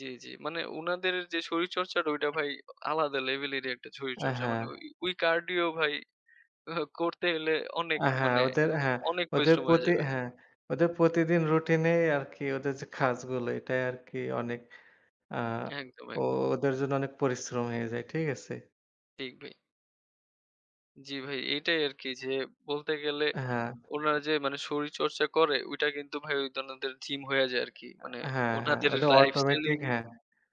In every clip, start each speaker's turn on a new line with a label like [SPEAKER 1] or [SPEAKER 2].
[SPEAKER 1] জি, জি। মানে উনাদের যে শরীরচর্চাটা ওইটা ভাই আলাদা লেভেলেরই একটা
[SPEAKER 2] আ
[SPEAKER 1] শরীরচর্চা।
[SPEAKER 2] হ্যাঁ।
[SPEAKER 1] মানে ওই ওই কার্ডিও ভাই করতে গেলে অনেক
[SPEAKER 2] আ হ্যাঁ।
[SPEAKER 1] মানে
[SPEAKER 2] ওদের হ্যাঁ।
[SPEAKER 1] অনেক
[SPEAKER 2] ওদের
[SPEAKER 1] পরিশ্রম হয়ে
[SPEAKER 2] প্রতি
[SPEAKER 1] যাবে।
[SPEAKER 2] হ্যাঁ ।ওদের প্রতিদিন রুটিনেই আরকি ওদের যে কাজগুলো এটাই আরকি অনেক। আ
[SPEAKER 1] একদম,
[SPEAKER 2] ও
[SPEAKER 1] একদম।
[SPEAKER 2] ওদের জন্য অনেক পরিশ্রম হয়ে যায়, ঠিক আছে?
[SPEAKER 1] ঠিক ভাই। জি ভাই। এইটাই আরকি যে বলতে গেলে
[SPEAKER 2] হ্যাঁ।
[SPEAKER 1] ওনারা যে মানে শরীরচর্চা করে, ঐটা কিন্তু ভাই ওই উনাদের জিম হয়ে যায় আরকি। মানে
[SPEAKER 2] আ হ্যাঁ, হ্যাঁ।
[SPEAKER 1] ওনাদের
[SPEAKER 2] ওদের
[SPEAKER 1] লাইফস্টাইলই
[SPEAKER 2] অটোমেটিক হ্যাঁ।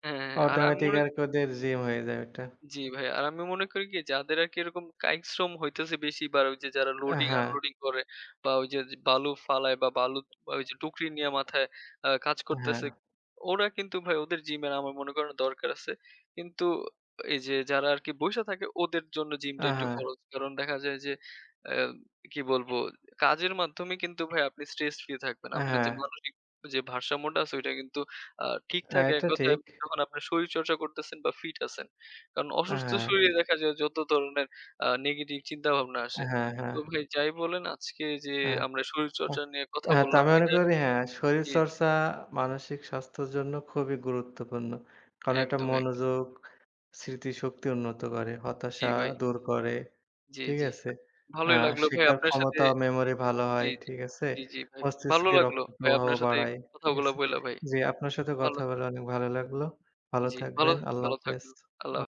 [SPEAKER 1] হ্যাঁ, হ্যাঁ। আর আমি
[SPEAKER 2] অটোমেটিক
[SPEAKER 1] মনে
[SPEAKER 2] আর কি ওদের জিম হয়ে যায় ওইটা।
[SPEAKER 1] জি ভাই। আর আমি মনে করি কি? যাদের আরকি এরকম কায়িক শ্রম হইতেছে বেশি বা র ওইযে যারা
[SPEAKER 2] অ্যা হ্যাঁ।
[SPEAKER 1] loading-unloading করে বা ওই যে য বালু ফালায় বা বালু ওইযে টুকরি নিয়ে মাথায় আ কাজ
[SPEAKER 2] অ্যা
[SPEAKER 1] করতেছে।
[SPEAKER 2] হ্যাঁ।
[SPEAKER 1] ওরা কিন্তু ভাই ওদের জিমের আমার মনে করে না দরকার আছে। কিন্তু এই যে যারা আরকি বইসা থাকে ওদের জন্য জিমটা
[SPEAKER 2] আ
[SPEAKER 1] একটু
[SPEAKER 2] হ্যাঁ।
[SPEAKER 1] ফরজ। কারণ দেখা যায় যে অ্যা কি বলব? কাজের মাধ্যমে কিন্তু ভাই আপনি স্ট্রেস ফ্রি থাকবেন।
[SPEAKER 2] আ
[SPEAKER 1] আপনি যে
[SPEAKER 2] হ্যাঁ।
[SPEAKER 1] মানসিক যে ভারসাম্যটা আছে ওইটা কিন্তু আ ঠিক
[SPEAKER 2] অ্যা
[SPEAKER 1] থাকে এক
[SPEAKER 2] এইটা
[SPEAKER 1] কথায়
[SPEAKER 2] ঠিক।
[SPEAKER 1] যখন আপনার শরীরচর্চা করতেছেন বা ফিট আছেন। কারণ
[SPEAKER 2] আ
[SPEAKER 1] অসুস্থ
[SPEAKER 2] হ্যাঁ।
[SPEAKER 1] শরীরে দেখা যায় যত ধরনের আ নেগেটিভ চিন্তাভাবনা
[SPEAKER 2] আ
[SPEAKER 1] আসে।
[SPEAKER 2] হ্যাঁ,
[SPEAKER 1] তো
[SPEAKER 2] হ্যাঁ।
[SPEAKER 1] ভাই যাই বলেন আজকে এইযে
[SPEAKER 2] হ্যাঁ।
[SPEAKER 1] আমরা
[SPEAKER 2] আ
[SPEAKER 1] শরীরচর্চা নিয়ে কথা
[SPEAKER 2] হ্যাঁ তা
[SPEAKER 1] বললাম
[SPEAKER 2] আমি মনে
[SPEAKER 1] এটা
[SPEAKER 2] করি হ্যাঁ
[SPEAKER 1] জ্বী, জ্বী।
[SPEAKER 2] শরীরচর্চা মানসিক স্বাস্থ্যর জন্য খুবই গুরুত্বপূর্ণ। কারণ এটা
[SPEAKER 1] একদম, একদম।
[SPEAKER 2] মনোযোগ, স্মৃতিশক্তি উন্নত করে,
[SPEAKER 1] জি
[SPEAKER 2] হতাশা
[SPEAKER 1] ভাই।
[SPEAKER 2] দূর করে,
[SPEAKER 1] জি,
[SPEAKER 2] ঠিক
[SPEAKER 1] জি।
[SPEAKER 2] আছে? আ
[SPEAKER 1] ভালোই লাগলো ভাই
[SPEAKER 2] শিখার
[SPEAKER 1] আপনার সাথে
[SPEAKER 2] ক্ষমতা ও মেমোরি ভালো
[SPEAKER 1] জ্বী,
[SPEAKER 2] হয়,
[SPEAKER 1] জ্বী,
[SPEAKER 2] ঠিক আছে?
[SPEAKER 1] জ্বী, জ্বী ভাই। ভালো
[SPEAKER 2] মস্তিষ্কে
[SPEAKER 1] লাগলো
[SPEAKER 2] রক্ত
[SPEAKER 1] ভাই
[SPEAKER 2] প্রবাহ
[SPEAKER 1] আপনার সাথে
[SPEAKER 2] বাড়ায়, ঠিক
[SPEAKER 1] কথাগুলা
[SPEAKER 2] আছ?
[SPEAKER 1] বইলা ভাই।
[SPEAKER 2] জি আপনার সাথে
[SPEAKER 1] ভালো
[SPEAKER 2] কথা বলা অনেক ভালো লাগলো। ভালো
[SPEAKER 1] জি, ভালো
[SPEAKER 2] থাকবেন। আল্লাহ
[SPEAKER 1] ভালো
[SPEAKER 2] হাফেজ।
[SPEAKER 1] থাকুন। আল্লাহ
[SPEAKER 2] অ
[SPEAKER 1] হা